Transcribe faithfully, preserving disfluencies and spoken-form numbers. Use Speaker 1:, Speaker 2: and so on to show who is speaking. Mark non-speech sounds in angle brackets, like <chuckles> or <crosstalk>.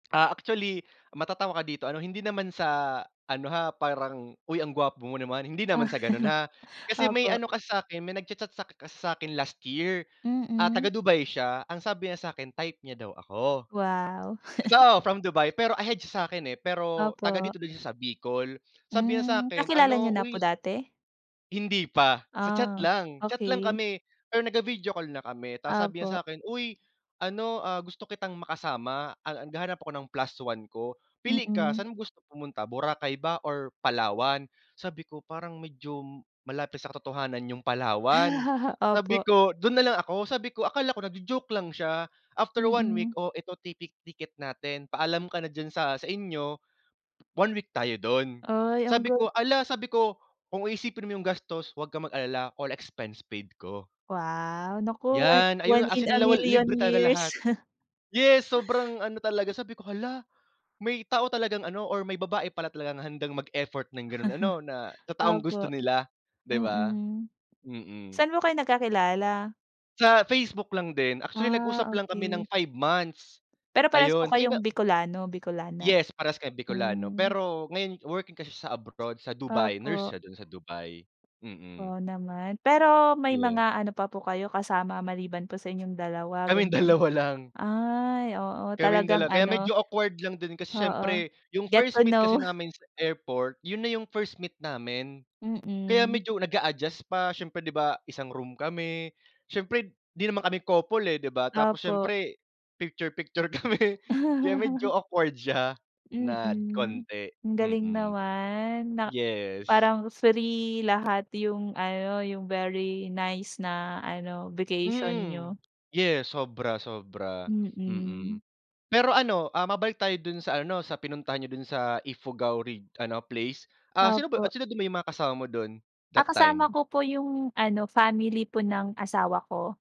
Speaker 1: Ah, actually, matatawa ka dito, ano, hindi naman sa ano ha, parang, "Uy, ang gwapo mo naman." hindi naman
Speaker 2: Ah,
Speaker 1: sa ganun ha. Kasi may
Speaker 2: opo.
Speaker 1: ano kasi sakin, may nagcha-chat sak kasi sakin last year. Ah,
Speaker 2: Mm.
Speaker 1: taga-Dubai siya, ang sabi niya sakin, type nya daw ako.
Speaker 2: Wow. <chuckles>
Speaker 1: So, from Dubai, pero ahead siya sakin, eh, pero
Speaker 2: Opo.
Speaker 1: taga-dito din siya sa Bicol. Sabi niya
Speaker 2: Hmm,
Speaker 1: sakin,
Speaker 2: kakilala niyo
Speaker 1: ano,
Speaker 2: na po
Speaker 1: "Uy"
Speaker 2: dati?
Speaker 1: Hindi pa, sa chat
Speaker 2: Ah,
Speaker 1: lang, chat lang
Speaker 2: okey.
Speaker 1: kami, pero nag-vi-video call na kami, tapos sabi
Speaker 2: Opo.
Speaker 1: niya sakin, "Uy, ano, ah, gusto kitang makasama, ah, naghahanap ako ng plus one ko. Pili ka,
Speaker 2: Mm.
Speaker 1: sa'n mo gusto pumunta, Boracay ba or Palawan?" Sabi ko, "Parang medyo malapit sa katotohanan yung Palawan,"
Speaker 2: <chuckles>
Speaker 1: sabi
Speaker 2: Opo.
Speaker 1: ko, "dun nalang ako." Sabi ko, akala ko nagjo-joke lang siya, after one week,
Speaker 2: Mm.
Speaker 1: "Oh, eto ti tick ticket natin. Paalam ka na diyan sa sa inyo, one week tayo dun."
Speaker 2: Ay, ang
Speaker 1: Sabi
Speaker 2: ga
Speaker 1: ko, "Ala!" sabi ko, "Kung iisipin mo yung gastos, wag kang mag-alala. All expense paid ko."
Speaker 2: Wow, naku, one
Speaker 1: Yan, ayun
Speaker 2: one
Speaker 1: as
Speaker 2: in
Speaker 1: in
Speaker 2: a
Speaker 1: lawal
Speaker 2: million
Speaker 1: libre talaga lahat.
Speaker 2: years. <chuckles>
Speaker 1: Yes, sobrang ano talaga, sabi ko, "Hala!" may tao talagang ano, or may babae pala talagang handang mag-effort ng ganun ano, na
Speaker 2: <chuckles>
Speaker 1: sa taong gusto
Speaker 2: Opo.
Speaker 1: nila, di ba?
Speaker 2: Mm.
Speaker 1: Mm.
Speaker 2: Sa'n po kayo nagkakilala?
Speaker 1: Sa Facebook lang din, actually
Speaker 2: Ah,
Speaker 1: nag-usap lang kami ng
Speaker 2: okey.
Speaker 1: five months,
Speaker 2: Pero parehas ko
Speaker 1: ayon. Sa 'yo ba
Speaker 2: kayong Bicolano, Bicolana?
Speaker 1: Yes, parehas kami Bicolano,
Speaker 2: Hmm.
Speaker 1: pero ngayon working kasi sya sa abroad, sa Dubai. Nurse
Speaker 2: Opo.
Speaker 1: siya dun sa Dubai, mm.
Speaker 2: Wow naman. Pero may
Speaker 1: Yeah.
Speaker 2: mga ano pa po kayo kasama, maliban po sa inyong dalawa,
Speaker 1: Kaming
Speaker 2: ganyan?
Speaker 1: dalawa lang.
Speaker 2: Ay, oo,
Speaker 1: Kaming dala
Speaker 2: talagang
Speaker 1: kaya
Speaker 2: ano
Speaker 1: medyo awkward lang din, kasi
Speaker 2: oo.
Speaker 1: syempre yung
Speaker 2: Get
Speaker 1: first
Speaker 2: to
Speaker 1: meet kasi
Speaker 2: know.
Speaker 1: namin sa airport, yun na yung first meet namin. Kaya
Speaker 2: Mm.
Speaker 1: medyo nag-a-adjust pa, syempre, di ba, isang room kami. Syempre, di naman kami couple, eh, di ba, tapos
Speaker 2: Opo.
Speaker 1: syempre, picture-picture kami, kaya medyo awkward siya
Speaker 2: <chuckles>
Speaker 1: nad
Speaker 2: Mm.
Speaker 1: kaunti,
Speaker 2: Ang galing
Speaker 1: mm.
Speaker 2: naman, na
Speaker 1: Yes.
Speaker 2: parang free lahat yung ano, yung very nice na ano, vacation
Speaker 1: Mm.
Speaker 2: nyo.
Speaker 1: Yes, sobra, sobra, mm.
Speaker 2: Mm.
Speaker 1: Pero ano, ah, mabalik tayo dun sa ano, sa pinuntahan niyo dun sa Ifugao Reg ano place. Ah, sino ba yu ah,
Speaker 2: Opo.
Speaker 1: sino ba yung mga kasama mo dun,
Speaker 2: Ah,
Speaker 1: that
Speaker 2: kasama
Speaker 1: time?
Speaker 2: ko po yung ano, family po ng asawa ko.